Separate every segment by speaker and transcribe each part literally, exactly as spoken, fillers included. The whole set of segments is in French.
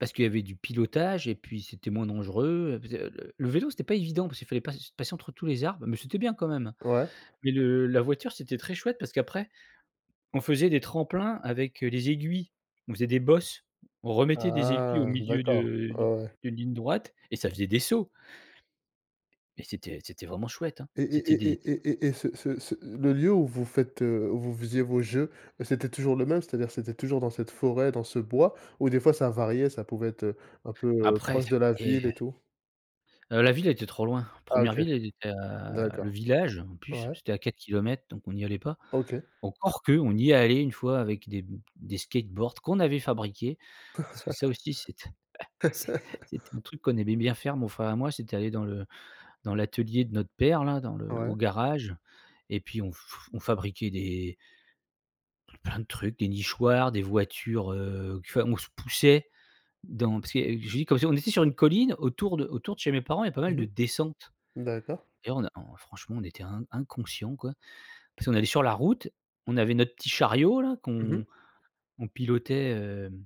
Speaker 1: Parce qu'il y avait du pilotage et puis c'était moins dangereux, heu, parce que le le le vélo, c'était pas évident parce qu'il fallait pass passer entre tous les arbres, mais c'était bien quand même,
Speaker 2: Ouais.
Speaker 1: mais le la voiture c'était très chouette parce qu'après, on faisait des tremplins avec, heu, les aiguilles, on faisait des bosses, on remettait des aiguilles au
Speaker 2: Ah,
Speaker 1: milieu
Speaker 2: d'accord,
Speaker 1: de
Speaker 2: ouais,
Speaker 1: d
Speaker 2: ouais.
Speaker 1: d'une ligne droite, et ça faisait des sauts et c'était c'était vraiment chouette, hein.
Speaker 2: Et
Speaker 1: C'étaient
Speaker 2: et
Speaker 1: des
Speaker 2: et et et et et ce ce ce le lieu où vous faites, heu, où vous faisiez vos jeux, bah, c'était toujours le même, c'est-à-dire, c'était toujours dans cette forêt, dans ce bois? Où, des fois, ça variait, ça pouvait être, heu, un peu, heu,
Speaker 1: Après.
Speaker 2: proche
Speaker 1: Ça
Speaker 2: de la
Speaker 1: parait,
Speaker 2: ville
Speaker 1: heu
Speaker 2: et tout?
Speaker 1: Heu, la ville était trop loin.
Speaker 2: Ah,
Speaker 1: première
Speaker 2: OK.
Speaker 1: ville, elle était à le
Speaker 2: D'accord.
Speaker 1: village, en plus,
Speaker 2: Ouais.
Speaker 1: c'était à quatre kilomètres, donc on n'y allait pas.
Speaker 2: OK.
Speaker 1: Encore qu'on y est allés une fois, avec des b des skateboards qu'on avait fabriqués, parce que ça aussi, c'était c'est c'était un truc qu'on aimait bien faire, mon frère et moi. C'était aller dans le dans l'atelier de notre père là, dans le l
Speaker 2: Ouais.
Speaker 1: au garage, et puis on f f fabriquait des pl plein de trucs, des nichoirs, des voitures, heu, qui fa on se poussait dans parce ce que, j'ai dit, [unintelligible] on était sur une colline autour de autour de chez mes parents, il y a pas mal
Speaker 2: Mmh
Speaker 1: de descentes
Speaker 2: mh. D'accord.
Speaker 1: et on a en franchement on était in inconscient, quoi. Parce qu'on allait sur la route, on avait notre petit chariot là
Speaker 2: Mmh mh.
Speaker 1: qu'on on pilotait, hem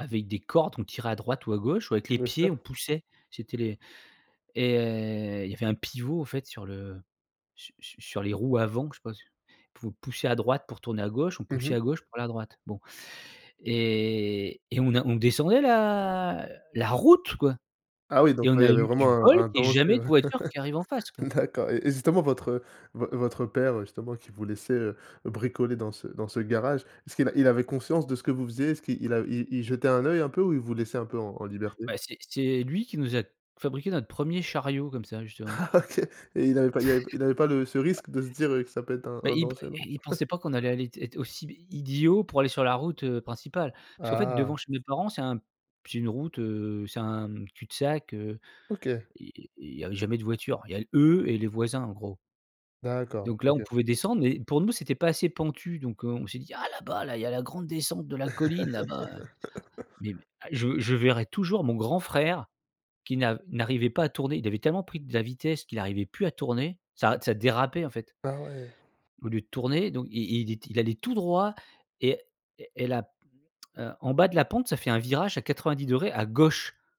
Speaker 1: avec des cordes, on tirait à droite ou à gauche ou avec les
Speaker 2: Bien
Speaker 1: pieds,
Speaker 2: sûr.
Speaker 1: on poussait. C'était les et il y avait un pivot, en fait, sur le su su sur les roues avant, que je sais pas s pouvait pousser à droite pour tourner à gauche, on
Speaker 2: Mmh
Speaker 1: poussait
Speaker 2: mh.
Speaker 1: à gauche pour aller à droite. Bon, et et on a on descendait la la route, quoi!
Speaker 2: Ah oui, donc
Speaker 1: Et on
Speaker 2: ouais, il
Speaker 1: a
Speaker 2: y avait
Speaker 1: eu
Speaker 2: vraiment
Speaker 1: du
Speaker 2: un
Speaker 1: bol
Speaker 2: un
Speaker 1: qu'il y ait
Speaker 2: danger,
Speaker 1: jamais de
Speaker 2: ouais.
Speaker 1: voiture qui arrive en face, quoi.
Speaker 2: D'accord et et justement, votre, heu, v votre père, heu, justement, qui vous laissait, heu, bricoler dans ce dans ce garage, est-ce qu'il il avait conscience de ce que vous faisiez? Est-ce qu'il a il il il jetait un œil un peu, ou il vous laissait un peu en en liberté?
Speaker 1: Bah, c'est c'est lui qui nous a fabriqué notre premier chariot, comme ça, justement.
Speaker 2: Ah, OK et il avait pas il y avait p il avait pas le ce risque de se dire, heu, que ça peut être un
Speaker 1: Bah,
Speaker 2: un
Speaker 1: il p
Speaker 2: danger,
Speaker 1: i
Speaker 2: non?
Speaker 1: il pensait pas qu'on allait aller t être aussi i idiots pour aller sur la route, heu, principale. Parce qu'en fait, devant
Speaker 2: Ah.
Speaker 1: chez mes parents, c'est un c'est une route, heu, c'est un cul-de-sac, heu,
Speaker 2: OK.
Speaker 1: i i il y avait jamais de voiture. Il y a eux et les voisins, en gros.
Speaker 2: D'accord,
Speaker 1: Donc là, on
Speaker 2: OK.
Speaker 1: pouvait descendre mais pour nous, c'était pas assez pentu donc heu, on s'est dit: «Ah, là-bas là, il y a la grande descente de la colline là-bas», mais b je je verrai toujours mon grand frère qui n'a n'arrivait pas à tourner, il avait tellement pris de la vitesse qu'il arrivait plus à tourner, ça d ça dérapait, en fait
Speaker 2: Ah ouais.
Speaker 1: au lieu de tourner donc il il était il allait tout droit et et et la p heu, en bas de la pente, ça fait un virage à quatre-vingt-dix degrés à gauche.